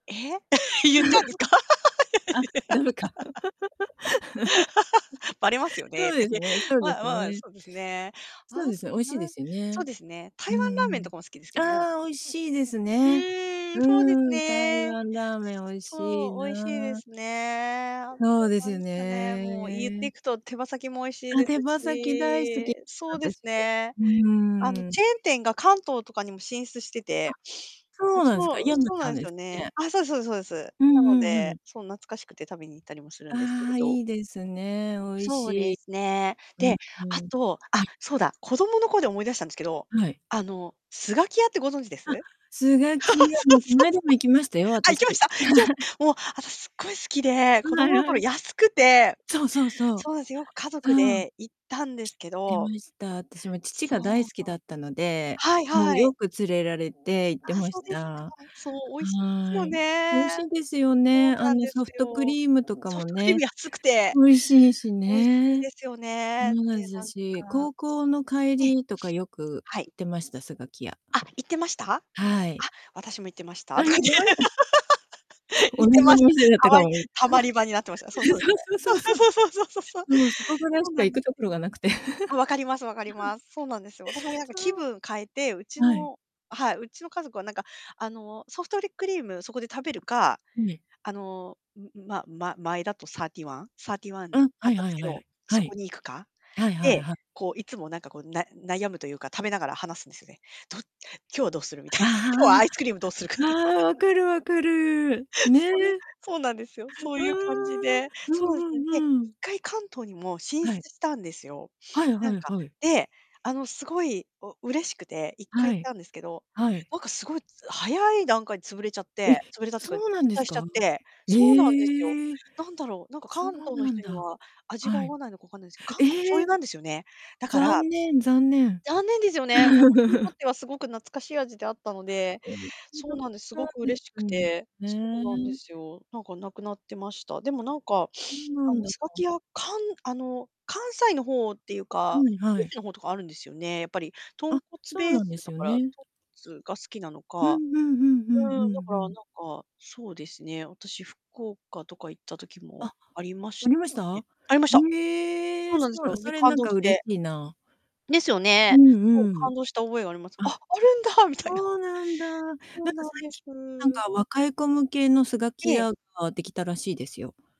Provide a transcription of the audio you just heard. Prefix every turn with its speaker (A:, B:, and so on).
A: ええ、言っちゃうんですか？
B: あ、駄目か。
A: ばれます よね、
B: そう
A: とか
B: です
A: 言って、
B: ねそうで
A: ま
B: す
A: まあ、
B: ね。
A: そうですね。
B: そう
A: あ
B: ですね、
A: と
B: 美味しいで
A: なん
B: すよ
A: そう
B: ね。
A: ですね、台
B: う
A: 湾
B: ん
A: ラーメ
B: う
A: ンと
B: ん。
A: かも好きですけどね、私。
B: ああ、美味しいです
A: う
B: ね。
A: ーん、
B: う
A: そうです
B: ん、台
A: ね。
B: 湾ラーメン美味しい
A: そう、美味しいで
B: な。
A: すね。あ
B: そう
A: と
B: です
A: なん
B: よ
A: ですかね、もう言って
B: ね。
A: いくと手羽先も美味しい
B: あ、
A: です
B: 手羽先大好
A: し
B: き、
A: そうです
B: 私。
A: ね。
B: う
A: あの、
B: ーん。
A: チェーン店が関東とかにも進出して
B: あ、
A: て。う
B: そうなんすか、
A: そう、
B: 山
A: そう
B: ち
A: な
B: ゃん
A: んです
B: で
A: よ
B: す
A: ね。
B: ね。
A: あ、そうですそうですそうです。
B: う
A: なの
B: んうんう
A: で、
B: ん。
A: そん懐かしくて食べに行ったりもするんですけれ
B: ああ、
A: ど
B: いいですね、美味し
A: そうで
B: い。
A: すね。
B: うん
A: で、
B: う
A: あ
B: ん。
A: と、
B: は
A: あ、
B: い。
A: そうだ、子供の頃で思い出したんですけど、
B: はい。
A: あのスガキヤってご存知です？そ
B: あ、
A: う
B: スガキヤ、
A: そ
B: も
A: う
B: うこ
A: そ
B: な
A: う。
B: いだも行きましたよ、
A: あ、行
B: 私。
A: きました行きまし た？もう私すっごい好きで、子
B: ん、はい
A: 供の頃
B: はい。
A: 安くて
B: そうそうそう、
A: そうです、よく家族
B: うん。知っ
A: で行ったんですけ
B: て
A: ど
B: ました。私も父
A: そ
B: が大
A: う
B: 好き
A: そ
B: だったの
A: う。
B: で、
A: はい
B: もう
A: はい。
B: よく連れられて行って
A: ああ、
B: ま
A: そう
B: し
A: ですか。
B: た。
A: そう、美味しいです
B: は
A: よ
B: い。美味
A: ね。
B: しいですよ
A: そう
B: ね、あ
A: なん
B: の
A: で
B: ソ
A: す
B: フトク
A: よ。
B: リームとか
A: ソ
B: も
A: フトクリーム
B: ね、
A: 安くて
B: 美味しいし
A: 美味しい
B: ね。
A: ですよね。で、
B: もうなんじ、
A: なん
B: [unintelligible]
A: か
B: 高校の帰
A: ええ。
B: りとかよく
A: はい。
B: 行ってました、スガキヤ。
A: あ、行ってました？
B: はい。
A: あ、私も行ってました
B: あ、
A: と
B: い
A: か言
B: ま
A: っ
B: した？
A: て 行
B: 同
A: って
B: じお
A: ました。
B: 店だっ
A: た
B: たか
A: ま
B: も。
A: り
B: え
A: たまり場になってました。そう
B: え、
A: そうです
B: そう
A: ね。
B: そうそうそ
A: そうそうそうそうそうそうそう。
B: う。もう、そこぐらい
A: そう
B: し
A: な
B: か
A: ん
B: 行
A: で
B: くと
A: す
B: ころ
A: よ。
B: がなくて。
A: あ、分かります分かり ます。そうなんですよ。私もなんか
B: そ
A: 気
B: う、
A: 分変えて、うち
B: はい。
A: のはい、うちの家族はなんかあの、ソフトクリームそこで食べるか、
B: はい。
A: あの、んん、まま前だとサーティーワンサーティーワン
B: うん、
A: あ
B: は
A: っ
B: い
A: たん
B: は
A: で
B: い
A: すけ
B: は
A: ど、
B: い。は
A: そこ
B: い。
A: に行くか、
B: はいはい
A: で、
B: は
A: こういつもなんかこう、な悩むというか食べながら話すんですね。ど今日どうするみたい
B: あ
A: な、今日は
B: あ
A: アイスクリームどうするかっ
B: ああ、
A: て。
B: ああ、分 かる分かる、
A: それ、
B: ね。
A: そうなんですよ、そう
B: う
A: いう感じ
B: ーん。
A: で、
B: う
A: そう
B: ん
A: ですね、で、いっ
B: うんうん。
A: かい関東にも進
B: はい。
A: 出したんですよ。
B: は い
A: な
B: は
A: ん
B: い
A: か、
B: はい。
A: で、あの凄いお嬉しくて、1回
B: は
A: 行っ
B: い、
A: たんですけど、
B: はい。
A: なんか凄いつ早い段階で潰れちゃっ
B: え、
A: て潰れたってか、
B: そ
A: 撤
B: うなんで
A: 退
B: す
A: しちゃっ
B: か、
A: て。そうなんですよ。
B: へえ。
A: なんだろう、なんか
B: そう
A: 関東の
B: なん
A: 人に
B: だ。
A: は、味が
B: は
A: 合
B: い。
A: わないのか分かんないんですけど、関東醤
B: ええ、
A: 油なんですよね。だから
B: 残念残念。
A: 残念ですよね。私にとっ てはすごく懐かしい味であったので、そうなんです、すご く嬉しくて。そうなんで
B: [unintelligible]
A: すよ。なんか無くなってました。でもなんか、
B: そ う
A: あ
B: な
A: の
B: ん
A: スガ
B: [unintelligible]
A: キヤ、かんあの関西の方っていうか、
B: はい
A: 九
B: はい。
A: 州の方とかあるんですよね、やっぱり、豚
B: あ、
A: 骨
B: そう
A: ベー
B: なん
A: ス
B: です
A: だ
B: よ
A: から、豚
B: ね。
A: 骨が好きなの
B: うんうん。ふんふ
A: か。うん、
B: ん
A: だ
B: ふ
A: か
B: んふ
A: ら
B: ん。
A: なんか、そうですね、私福岡とか行った時
B: あ、
A: もありまし
B: ありまし
A: たね
B: た？
A: ありました。
B: へ
A: そ
B: え、
A: う
B: そ
A: なんです
B: う、
A: よ、
B: そ
A: で
B: れ
A: 感
B: なん
A: 動
B: か
A: し
B: 嬉し
A: て
B: いな。
A: ですよ
B: う
A: ね。
B: ん
A: そう、
B: う
A: 感
B: ん。
A: 動した覚えがあります。「あっ、
B: あ、
A: あるんだ」、みたいな。
B: そうなんだ。なんか
A: そうなんで
B: 最きなん
A: す。
B: か若い子向けのスガ
A: え
B: キ
A: え。
B: ヤができたらしいですよ。